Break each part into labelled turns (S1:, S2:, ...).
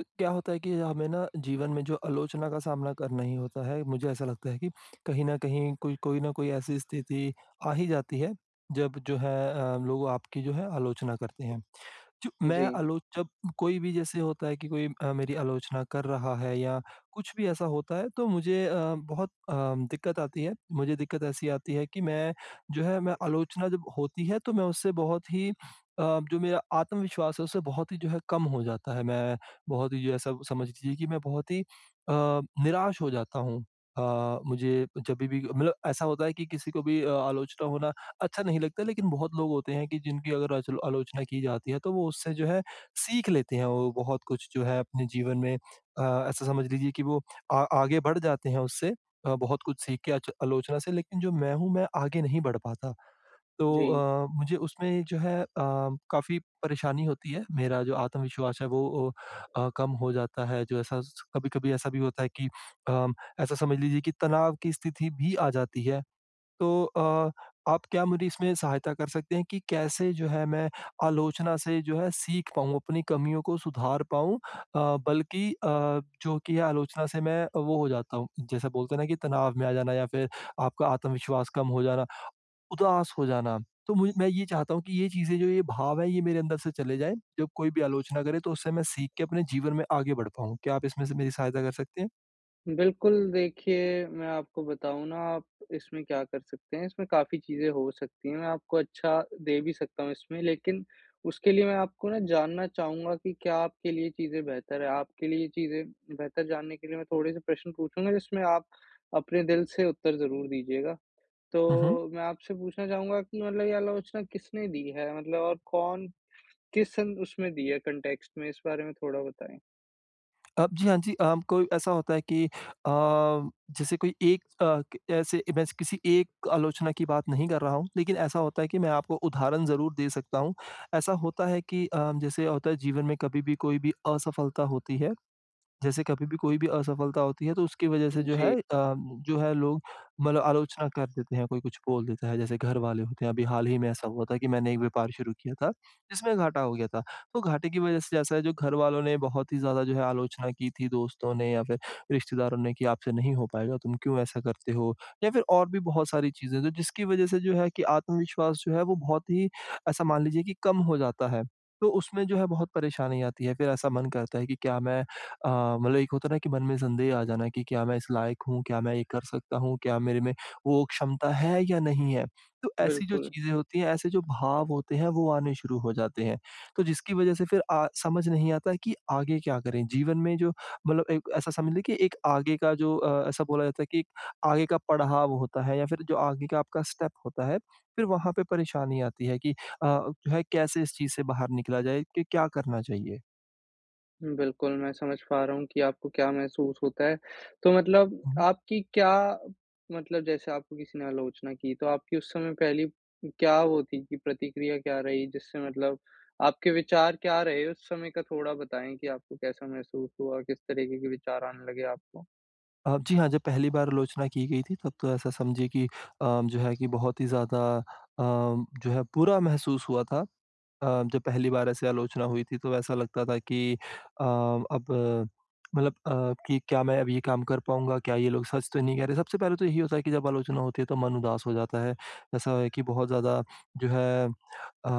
S1: क्या होता है कि हमें न जीवन में जो आलोचना का सामना करना ही होता है, मुझे ऐसा लगता है कि कहीं न कहीं, कोई कोई न कोई ऐसी स्थिति आ ही जाती है जब जो है अ, लोग आपकी जो है आलोचना करते हैं। च मैं
S2: जी।
S1: आलोच जब कोई भी जैसे होता है कि कोई अ, मेरी आलोचना कर रहा है या कुछ भी ऐसा होता है तो मुझे अ, बहुत अ, दिक्कत आती है। मुझे दिक्कत ऐसी आती है कि मैं जो है मैं आलोचना जब होती है तो मैं उससे बहुत ही अ, जो मेरा आत्मविश्वास है उससे बहुत ही जो है कम हो जाता है। मैं बहुत ही जो ऐसा समझ लीजिए कि मैं बहुत ही अ, निराश हो जाता हूँ। अ, मुझे जभी भी मतलब ऐसा होता है कि किसी को भी अ, आलोचना होना अच्छा नहीं लगता है लेकिन बहुत लोग होते हैं कि जिनकी अगर अचलो आलोचना की जाती है तो वो उससे जो है सीख लेते हैं वो बहुत कुछ जो है अपने जीवन में। अ, ऐसा समझ लीजिए कि वो आ आगे बढ़ जाते हैं उससे। अ, बहुत कुछ सीख के आच आलोचना से लेकिन जो मैं हूँ मैं आगे नहीं बढ़ पाता। तो
S2: जी।
S1: अ, मुझे उसमें जो है अ, काफ़ी परेशानी होती है। मेरा जो आत्मविश्वास है वो अ, कम हो जाता है। जो ऐसा स कभी-कभी ऐसा भी होता है कि अ, ऐसा समझ लीजिए कि तनाव की स्थिति भी आ जाती है। तो अ, आप क्या मेरी इसमें सहायता कर सकते हैं कि कैसे जो है मैं आलोचना से जो है सीख पाऊँगा। अपनी कमियों को सुधार पाऊँ अ, बल्कि अ, जो कि है आलोचना से मैं वो हो जाता हूँ। जैसा बोलते हैं न कि तनाव में आ जाना या फिर आपका आत्मविश्वास कम हो जाना, उदास हो जाना। तो मु मैं ये चाहता हूँ कि ये चीज़ें, जो ये भाव हैं ये मेरे अंदर से चले जाए। जब कोई भी आलोचना करें तो उससे मैं सीख के अपने जीवन में आगे बढ़ पाऊँ। क्या आप इसमें से मेरी सहायता कर सकते हैं?
S2: बिल्कुल, देखिए मैं आपको बताऊँ ना, आप इसमें क्या कर सकते हैं, इसमें काफ़ी चीज़े हो सकती हैं। मैं आपको अच्छा दे भी सकता हूँ इसमें, लेकिन उसके लिए मैं आपको ना जानना चाहूँगा की क्या आपके लिए चीज़ें बेहतर हैं। आपके लिए ये चीज़ें बेहतर जानने के लिए मैं थोड़े से प्रश्न पूछूँगा जिसमें आप, अपने दिल से उत्तर ज़रूर दीजियेगा।
S1: हुँ, हुँ।
S2: तो, मैं आपसे पूछना चाहूँगा कि मतलब ये आलोचना किसने दी है? मतलब और कौन किसन उसमें दी है कॉन्टेक्स्ट में इस बारे में थोड़ा बताएँ?
S1: अ, जी, हाँ जी अ, कोई ऐसा होता है कि अ, जैसे कोई एक अ, ऐसे मैं किसी एक आलोचना की बात नहीं कर रहा हूँ। लेकिन ऐसा होता है कि मैं आपको उदाहरण ज़रूर दे सकता हूँ। ऐसा होता है कि अ, जैसे होता है जीवन में कभी भी कोई भी असफलता होती है। जैसे कभी भी कोई भी असफलता होती है तो उसके वज़ह से जो है
S2: जी।
S1: अ, जो है लोग मतलब आलोचना कर देते हैं कोई कुछ बोल देता है। जैसे घर वाले होते हैं अभी हाल ही में ऐसा हुआ था कि मैंने एक व्यापार शुरू किया था, जिसमें घाटा हो गया था। तो घाटे की वज़ह से ऐसा है जो घर वालों ने बहुत ही ज़्यादा जो है, आलोचना की थी दोस्तों ने या फिर रिश्तेदारों ने की आपसे नहीं हो पाएगा। तुम क्यों ऐसा करते हो? या फिर और भी बहुत सारी चीज़ें तो जिसकी वज़ह से जो है, कि आत्मविश्वास जो है वो बहुत ही ऐसा मान लीजिए कि कम हो जाता है। तो उसमें जो है बहुत परेशानी आती है, फिर ऐसा मन करता है कि, क्या मैं अ, मतलब एक होता है ना कि मन में संदेह आ जाना कि क्या मैं इस लायक हूँ? क्या मैं ये कर सकता हूँ? क्या मेरे में वो क्षमता है या नहीं है? तो ऐसी जो
S2: बिल्कुल।
S1: चीज़ें होती हैं, ऐसे जो भाव होते हैं वो आने शुरू हो जाते हैं। तो जिसकी वज़ह से फिर अ, समझ नहीं आता कि आगे क्या करें? जीवन में जो मतलब एक ऐसा समझ ले की एक आगे का जो अ, ऐसा बोला जाता है कि आगे का पड़ाव होता है या फिर जो आगे का आपका स्टेप होता है, फिर वहाँ पे परेशानी आती है कि अ, जो है कैसे इस चीज़ से बाहर निकला जाए कि क्या करना चाहिए?
S2: बिल्कुल, मैं समझ पा रहा हूँ कि आपको क्या महसूस होता है। तो मतलब
S1: हुँ।
S2: आपकी क्या मतलब जैसे आपको किसी ने आलोचना की तो आपकी उस समय पहली क्या होती थी प्रतिक्रिया क्या रही जिससे मतलब आपके विचार क्या रहे उस समय का थोड़ा बताएँ कि आपको कैसा महसूस हुआ, किस तरीके के विचार आने लगे आपको?
S1: अ, जी। हाँ, जब पहली बार आलोचना की गई थी तब तो ऐसा समझिए की अ, जो है कि बहुत ही ज़्यादा अ, जो है बुरा महसूस हुआ था। अ, जब पहली बार ऐसे आलोचना हुई थी तो ऐसा लगता था कि अ, अब मतलब अ, कि क्या मैं अब ये काम कर पाऊँगा क्या ये लोग सच तो नहीं कह रहे। सबसे पहले तो यही होता है कि जब आलोचना होती है तो मन उदास हो जाता है। ऐसा है कि बहुत ज़्यादा जो है अ,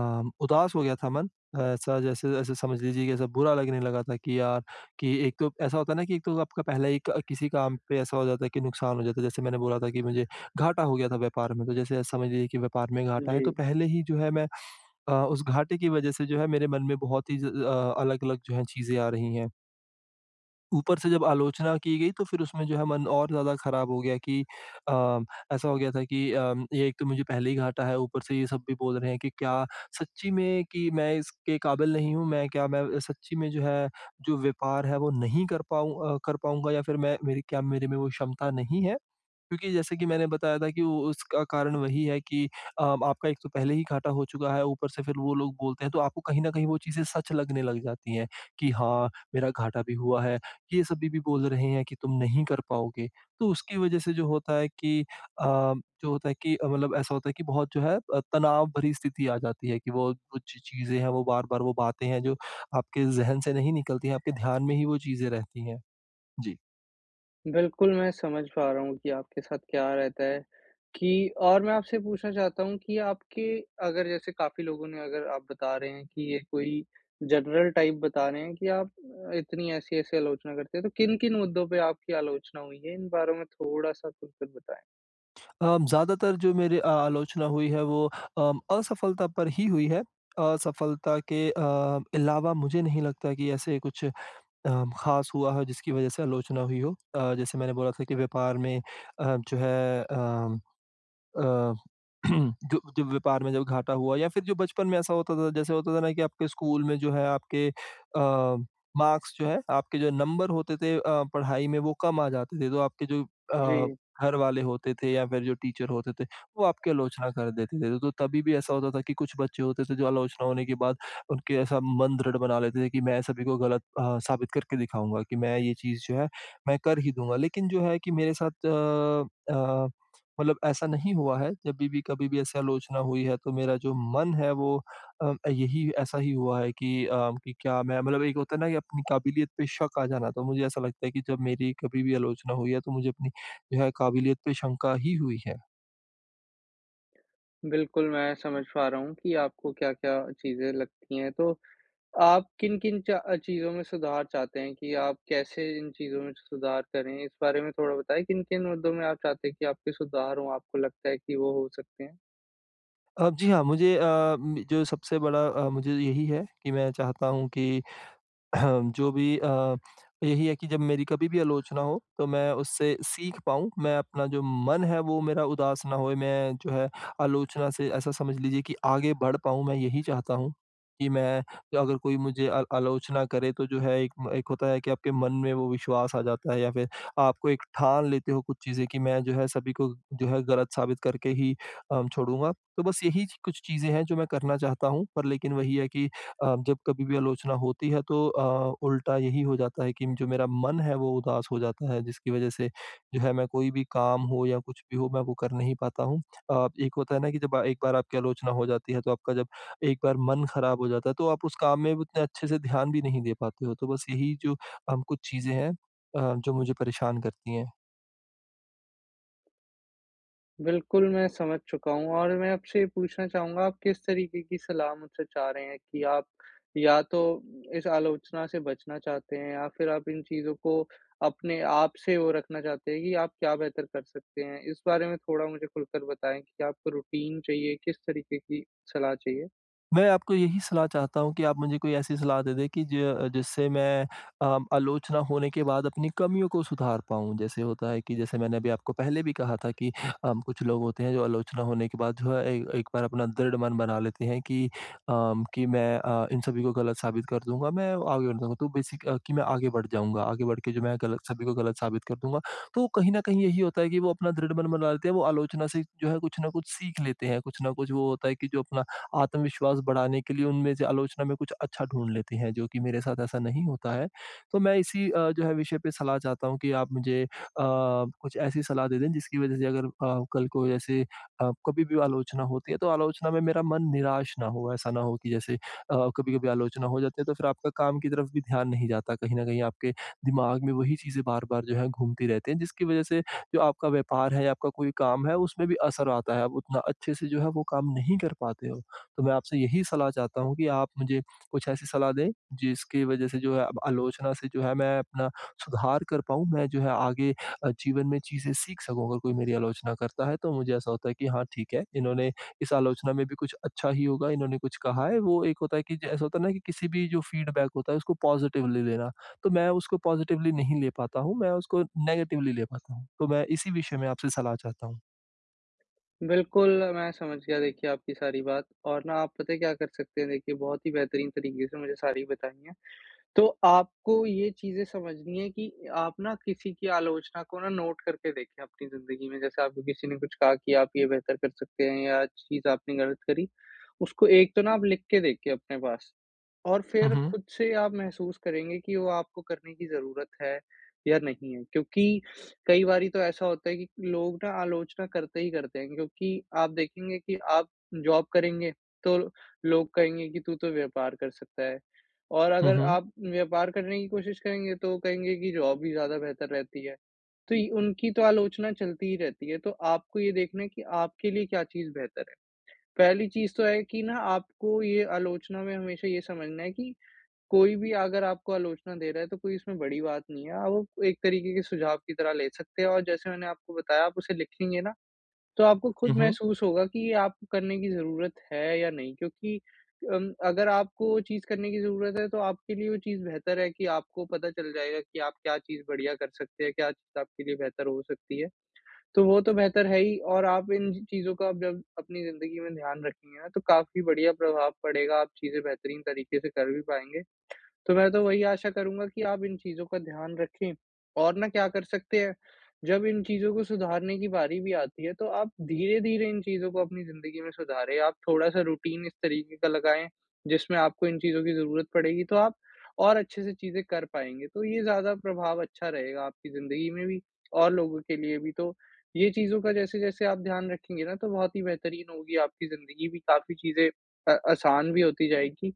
S1: उदास हो गया था मन। ऐसा जैसे ऐसे समझ लीजिए की ऐसा बुरा लगने लगा था कि यार, कि एक तो ऐसा होता है ना कि एक तो आपका पहले ही क किसी काम पे ऐसा हो जाता है कि नुकसान हो जाता है जैसे मैंने बोला था कि मुझे घाटा हो गया था व्यापार में तो जैसे समझ लीजिए की व्यापार में घाटा है तो
S2: जी।
S1: पहले ही जो है मैं, अ, उस घाटे की वज़ह से जो है मेरे मन में बहुत ही ज अ अ, अलग-अलग जो है चीज़ें आ रही है। ऊपर से जब आलोचना की गई, तो फिर उसमें जो है, मन और ज़्यादा खराब हो गया कि अ, ऐसा हो गया था कि अ, ये एक तो मुझे पहले ही घाटा है, ऊपर से ये सब भी बोल रहे हैं कि क्या सच्ची में कि मैं इसके काबिल नहीं हूँ? मैं क्या मैं सच्ची में जो है, जो व्यापार है, वो नहीं कर पाऊँ अ, कर पाऊँगा या फिर मैं मेरी क्या मेरे में वो क्षमता नहीं है? क्योंकि जैसे कि मैंने बताया था कि उसका कारण वही है कि अ, आपका एक तो पहले ही घाटा हो चुका है, ऊपर से फिर वो लोग बोलते हैं, तो आपको कहीं न कहीं वो चीज़ें सच लगने लग जाती हैं, कि "हाँ, मेरा घाटा भी हुआ है। ये सभी भी बोल रहे हैं कि तुम नहीं कर पाओगे।" तो उसकी वजह से जो होता है कि अ, जो होता है कि अ, मतलब ऐसा होता है कि बहुत जो है अ, तनाव भरी स्थिति आ जाती है कि वो कुछ चीज़ें हैं, वो बार-बार वो बातें हैं, जो आपके ज़हन से नहीं निकलती हैं। आपके ध्यान में ही वो चीज़ें रहती हैं। जी।
S2: बिल्कुल, मैं समझ पा रहा हूँ कि आपके साथ क्या रहता है, कि और मैं आपसे पूछना चाहता हूँ कि आपके अगर जैसे काफ़ी लोगों ने अगर आप बता रहे हैं कि, ये कोई जनरल टाइप बता रहे हैं कि आप अ, इतनी ऐसी-ऐसी आलोचना करते हैं, तो किन-किन मुद्दों पे आपकी आलोचना हुई है? इन बारे में थोड़ा-सा खुलकर बताएँ।
S1: अब ज़्यादातर जो मेरी अ, आलोचना हुई है वो उम, असफलता पर ही हुई है। असफलता के अ, अलावा मुझे नहीं लगता कि ऐसे कुछ उम, ख़ास हुआ हो जिसकी वजह से आलोचना हुई हो। अ, जैसे मैंने बोला था कि व्यापार में अ, जो है अ अ, जो जो व्यापार में जब घाटा हुआ या फिर जो बचपन में ऐसा होता था जैसे होता था ना कि आपके स्कूल में जो है आपके अ, मार्क्स जो है, आपके जो नंबर होते थे अ, पढ़ाई में वो कम आ जाते थे। तो आपके जो अ,
S2: जी।
S1: घर वाले होते थे या फिर जो टीचर होते थे, वो आपकी आलोचना कर देते थे। तो तभी भी ऐसा होता था कि कुछ बच्चे होते थे जो आलोचना होने के बाद उनके ऐसा मन दृढ़ बना लेते थे कि मैं सभी को गलत अ, साबित करके दिखाऊँगा कि मैं ये चीज़ जो है मैं कर ही दूँगा। लेकिन जो है कि मेरे साथ अ अ, मतलब ऐसा नहीं हुआ है, जब भी कभी भी ऐसी आलोचना हुई है तो मेरा जो मन है वो अ, यही ऐसा ही हुआ है कि अ, क्या मैं मतलब एक होता है ना की अपनी काबिलियत पे शक आ जाना। तो मुझे ऐसा लगता है कि जब मेरी कभी भी आलोचना हुई है तो मुझे अपनी जो है काबिलियत पे शंका ही हुई है।
S2: बिल्कुल मैं समझ पा रहा हूँ कि आपको क्या-क्या चीज़ें लगती हैं। तो आप किन-किन च चीज़ों में सुधार चाहते हैं कि आप कैसे इन चीज़ों में सुधार करें? इस बारे में थोड़ा बताइए, किन-किन मुद्दों में आप चाहते हैं कि आपके सुधार हो, आपको लगता है कि वो हो सकते हैं?
S1: अ, जी हाँ। मुझे अ, म जो सबसे बड़ा अ, मुझे यही है कि मैं चाहता हूँ कि जो भी अ, यही है कि जब मेरी कभी भी आलोचना हो, तो मैं उससे सीख पाऊँ, मैं अपना जो मन है वो मेरा उदास ना होए। मैं जो है आलोचना से ऐसा समझ लीजिए कि आगे बढ़ पाऊँ। मैं यही चाहता हूँ कि मैं अगर कोई मुझे आ आलोचना करे, तो जो है एक म एक होता है कि आपके मन में वो विश्वास आ जाता है या फ़िर आपको एक ठान लेते हो कुछ चीज़ें की मैं जो है सभी को जो है ग़लत साबित करके ही अम छोड़ूँगा। तो बस यही कुछ चीज़ें हैं जो मैं करना चाहता हूँ, पर लेकिन वही है कि अ, जब कभी भी आलोचना होती है, तो अ, उल्टा यही हो जाता है कि जो मेरा मन है वो उदास हो जाता है, जिसकी वजह से जो है मैं कोई भी काम हो या कुछ भी हो, मैं वो कर नहीं पाता हूँ। अ, एक होता है ना कि जब एक बार आपकी आलोचना हो जाती है, तो आपका जब एक बार मन खराब हो जाता है, तो आप उस काम में उतने अच्छे से ध्यान भी नहीं दे पाते हो। तो बस यही जो अम कुछ चीज़ें हैं अ, जो मुझे परेशान करती हैं।
S2: बिल्कुल, मैं समझ चुका हूँ और मैं आपसे ये पूछना चाहूँगा आप किस तरीके की सलाह मुझसे चाह रहे हैं कि आप या तो इस आलोचना से बचना चाहते हैं या फिर आप इन चीज़ों को अपने आप से वो रखना चाहते हैं? कि आप क्या बेहतर कर सकते हैं? इस बारे में थोड़ा मुझे खुलकर बताएँ, कि आपको रूटीन चाहिए? किस तरीके की सलाह चाहिए?
S1: मैं आपको यही सलाह चाहता हूँ कि आप मुझे कोई ऐसी सलाह दें दें कि ज जिससे मैं अ, आलोचना होने के बाद अपनी कमियों को सुधार पाऊँ। जैसे होता है कि जैसे मैंने अभी आपको पहले भी कहा था कि अ, कुछ लोग होते हैं जो आलोचना होने के बाद जो है ए एक बार अपना दृढ़ मन बना लेते हैं। कि अ, कि मैं अ, इन सभी को गलत साबित कर दूँगा, मैं आगे बढ़ जाऊँगा। तो बेसिक कि मैं आगे बढ़ जाऊँगा। आगे बढ़ के जो मैं गलत, सभी को गलत साबित कर दूँगा। तो कहीं न कहीं यही होता है कि वो अपना दृढ़ मन बना लेते हैं। वो आलोचना से जो है कुछ न कुछ सीख लेते हैं। कुछ न कुछ वो होता है कि जो अपना आत्मविश्वास बढ़ाने के लिए उनमें से आलोचना में कुछ अच्छा ढूँढ लेते हैं जो कि मेरे साथ ऐसा नहीं होता है। तो मैं इसी अ, जो है विषय पे सलाह चाहता हूँ कि आप मुझे अ, कुछ ऐसी सलाह दें दें जिसकी वजह से अगर अ, कल को ऐसे अ, कभी भी आलोचना होती है तो आलोचना में मेरा मन निराश न हो। ऐसा न हो कि जैसे अ, कभी-कभी आलोचना हो जाती है, तो फ़िर आपका काम की तरफ भी ध्यान नहीं जाता। कहीं न कहीं आपके दिमाग में वही चीज़ें बार-बार जो है, घूमती रहती हैं जिसकी वजह से जो आपका व्यापार है या आपका कोई काम है उसमें भी असर आता है आप उतना अच्छे से जो है वो काम नहीं कर पाते हो। तो मैं आपसे यही सलाह चाहता हूँ कि आप मुझे कुछ ऐसी सलाह दें, जिसकी वजह से जो है अब आलोचना से जो है मैं अपना सुधार कर पाऊँ। मैं जो है आगे अ, जीवन में चीज़ें सीख सकूँ अगर कोई मेरी आलोचना करता है तो मुझे ऐसा होता है कि हाँ, ठीक है इन्होंने इस आलोचना में भी कुछ अच्छा ही होगा। इन्होंने कुछ कहा है वो एक होता है कि, ऐसा होता है ना कि किसी भी जो फीडबैक होता है उसको पॉज़िटिव ले लेना, तो मैं उसको पॉज़िटिवली नहीं ले पाता हूँ, मैं उसको नेगेटिवली ले पाता हूँ, तो मैं इसी विषय में आपसे सलाह चाहता हूँ।
S2: बिल्कुल, मैं समझ गया देखिए आपकी सारी बात और ना आप पता है क्या कर सकते हैं। देखिये बहुत ही बेहतरीन तरीके से मुझे सारी बताई हैं। तो आपको ये चीज़ें समझनी है कि, आप ना किसी की आलोचना को ना, नोट करके देखें अपनी ज़िंदगी में। जैसे आपको किसी ने कुछ कहा कि, आप ये बेहतर कर सकते हैं या चीज़ आपने गलत करी। उसको एक तो ना आप लिख के देखिए अपने पास और
S1: हुँ,
S2: फ़िर
S1: हुँ।
S2: खुद से आप महसूस करेंगे कि वो आपको करने की ज़रूरत है, या नहीं है। क्योंकि कई बारी तो ऐसा होता है कि लोग ना आलोचना करते ही करते हैं, क्योंकि आप देखेंगे कि आप जॉब करेंगे, तो लोग कहेंगे कि, तू तो व्यापार कर सकता है और
S1: हुँ,
S2: अगर
S1: हुँ।
S2: आप व्यापार करने की कोशिश करेंगे, तो कहेंगे की जॉब ही ज़्यादा बेहतर रहती है। तो य उनकी तो आलोचना चलती ही रहती है। तो आपको ये देखना है कि, आपके लिए क्या चीज़ बेहतर है। पहली चीज़ तो है कि ना, आपको ये आलोचना में हमेशा ये समझना है कि कोई भी अगर आपको आलोचना दे रहा है, तो कोई इसमें कोई बड़ी बात नहीं है। और वो एक तरीके के सुझाव की तरह ले सकते हैं और जैसे मैंने आपको बताया, आप उसे लिखेंगे ना। तो आपको
S1: हुँ,
S2: खुद
S1: हुँ।
S2: महसूस होगा कि ये आपको करने की ज़रूरत है, या नहीं क्योंकि उम, अगर आप को वो चीज़ करने की ज़रूरत है, तो आपके लिए वो चीज़ बेहतर है कि आपको पता चल जाएगा कि आप क्या चीज़ बढ़िया कर सकते हैं, क्या चीज़ आपके लिए बेहतर हो सकती है। तो वो तो बेहतर है ही और आप इन चीज़ों का जब, अपनी ज़िंदगी में ध्यान रखेंगे ना, तो काफ़ी बढ़िया प्रभाव पड़ेगा, आप चीज़ें बेहतरीन तरीके से कर भी पाएँगे। तो मैं तो वही आशा करूँगा, कि आप इन चीज़ों का ध्यान रखें और ना क्या कर सकते हैं। जब इन चीज़ को सुधारने की बारी भी आती है, तो आप धीरे-धीरे इन चीज़ों को अपनी ज़िंदगी में सुधारें। आप थोड़ा-सा रूटीन इस तरीके का लगाएँ, जिसमें आपको इन चीज़ों की ज़रूरत पड़ेगी तो आप और अच्छे से चीज़े कर पाएँगे। तो ये ज़्यादा प्रभाव अच्छा रहेगा, आपकी ज़िंदगी में भी और लोगो के लिए भी। तो ये चीज़ों का जैसे-जसे आप ध्यान रखेंगे ना, तो बहुत ही बेहतरीन होगी आपकी ज़िंदगी भी काफ़ी चीज़ें अ, आसान भी होती जाएगी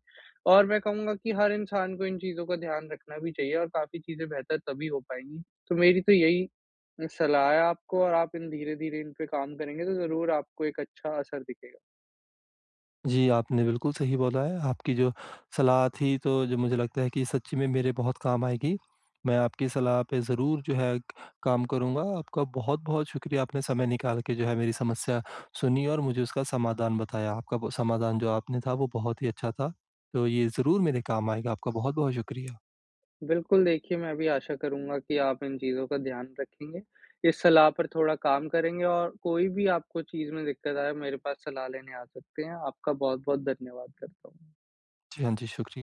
S2: और मैं कहूँगा कि हर इंसान को इन चीज़ों का ध्यान रखना भी चाहिए और काफ़ी चीज़ें बेहतर तभी हो पाएँगी। तो मेरी तो, यही सलाह है आपको और आप इन धीरे-धीरे इन पे काम करेंगे, तो ज़रूर आपको एक अच्छा असर दिखेगा।
S1: जी। आपने बिल्कुल सही बोला है, आपकी जो सलाह थी, तो जो मुझे लगता है कि सच्ची में मेरे बहुत काम आएगी। मैं आपकी सलाह पे ज़रूर, जो है क काम करूँगा। आपका बहुत-बहुत शुक्रिया, आपने समय निकाल के जो है मेरी समस्या, सुनी और मुझे उसका समाधान बताया। आपका बो समाधान जो आपने था, वो बहुत ही अच्छा था। तो ये ज़रूर मेरे काम आएगा ,आपका बहुत-बहुत शुक्रिया।
S2: बिल्कुल, देखिये मैं भी आशा करूँगा कि आप इन चीज़ों का ध्यान रखेंगे। इस सलाह पर थोड़ा काम करेंगे और कोई भी आपको चीज़ में दिक्कत आये, मेरे पास सलाह लेने आ सकते हैं। आपका बहुत-बहुत धन्यवाद करता हूँ।
S1: जी। हाँ जी शुक्रि